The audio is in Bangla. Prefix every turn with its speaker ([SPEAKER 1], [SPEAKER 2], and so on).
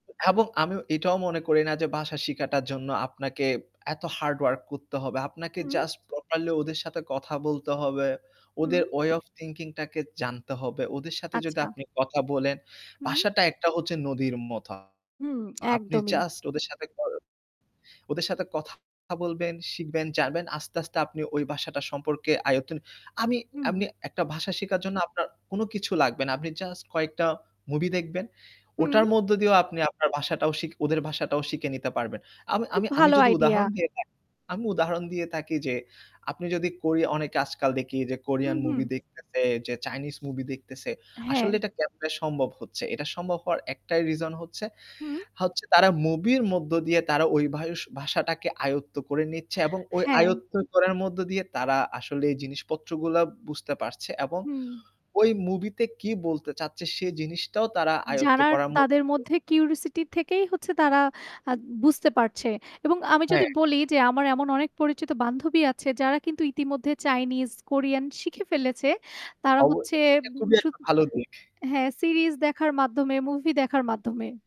[SPEAKER 1] এবং আমি এটাও মনে করি না যে ভাষা শিখাটার জন্য আপনাকে এত হার্ড ওয়ার্ক করতে হবে। আপনাকে
[SPEAKER 2] হুম।
[SPEAKER 1] জাস্ট প্রপারলি ওদের সাথে কথা বলতে হবে।
[SPEAKER 2] হুম।
[SPEAKER 1] ওদের ওয়ে অফ থিংকিং টাকে জানতে হবে। ওদের সাথে যদি
[SPEAKER 2] আচ্ছা।
[SPEAKER 1] আপনি কথা বলেন,
[SPEAKER 2] হু।
[SPEAKER 1] বাসাটা একটা হচ্ছে নদীর মত। আ
[SPEAKER 2] হুঁ।
[SPEAKER 1] আপনি
[SPEAKER 2] একদমই।
[SPEAKER 1] জাস্ট ওদের সাথে কর ওদের সাথে কথা বলবেন, শিখবেন, জানবেন। আস্তে, আস্তে আপনি ওই ভাষাটা সম্পর্কে আয়তন আমি
[SPEAKER 2] হুম।
[SPEAKER 1] আমনি একটা ভাষা শিখার জন্য আপনার কোন কিছু লাগবে না। আপনি জাস্ট কয়েকটা মুভি দেখবেন। ওটার
[SPEAKER 2] হু।
[SPEAKER 1] মধ্য দিয়েও আপনি আপনার ভাষাটাও শিখ ওদের ভাষাটাও শিখে নিতে পারবেন। আমি
[SPEAKER 2] খুব
[SPEAKER 1] আমি আমি
[SPEAKER 2] ভালো
[SPEAKER 1] যদি
[SPEAKER 2] আইডিয়া।
[SPEAKER 1] উদাহরণ দিয়ে থাকি আমি উদাহরণ দিয়ে থাকি যে আপনি যদি কোরিয়া অনেকে আজকাল দেখি যে
[SPEAKER 2] হুম,
[SPEAKER 1] কোরিয়ান
[SPEAKER 2] হুম।
[SPEAKER 1] মুভি দেখতেছে, যে চাইনিজ মুভি দেখতেছে
[SPEAKER 2] হ্যাঁ।
[SPEAKER 1] আসলে এটা কেমনে সম্ভব হচ্ছে? এটা সম্ভব হওয়ার একটাই রিজন হচ্ছে
[SPEAKER 2] হু।
[SPEAKER 1] হচ্ছে তারা মুভির মধ্য দিয়ে তারা ওই ভয়ষ ভাষাটাকে আয়ত্ত করে নিচ্ছে এবং ওই
[SPEAKER 2] হ্যাঁ।
[SPEAKER 1] আয়ত্ত করার মধ্য দিয়ে তারা আসলে এই জিনিসপত্রগুলা বুঝতে পারছে এবং
[SPEAKER 2] হুম।
[SPEAKER 1] ওই মুভিতে কি বলতে চাচ্ছে সে জিনিসটাও তারা আয়ত্ত
[SPEAKER 2] যারা
[SPEAKER 1] করার মধ্যে
[SPEAKER 2] তাদের মধ্যে কিউরিওসিটি থেকেই হচ্ছে তারা আ বুঝতে পারছে। এবং আমি
[SPEAKER 1] হ্যাঁ।
[SPEAKER 2] যদি বলি যে আমার এমন অনেক পরিচিত বান্ধবী আছে যারা কিন্তু ইতিমধ্যে চাইনিজ, কোরিয়ান শিখে ফেলেছে। তারা
[SPEAKER 1] অব
[SPEAKER 2] হচ্ছে
[SPEAKER 1] এটা
[SPEAKER 2] উম
[SPEAKER 1] খুবই একটা
[SPEAKER 2] শুধু
[SPEAKER 1] ভালো দিক।
[SPEAKER 2] হ্যাঁ সিরিজ দেখার মাধ্যমে মুভি দেখার মাধ্যমে।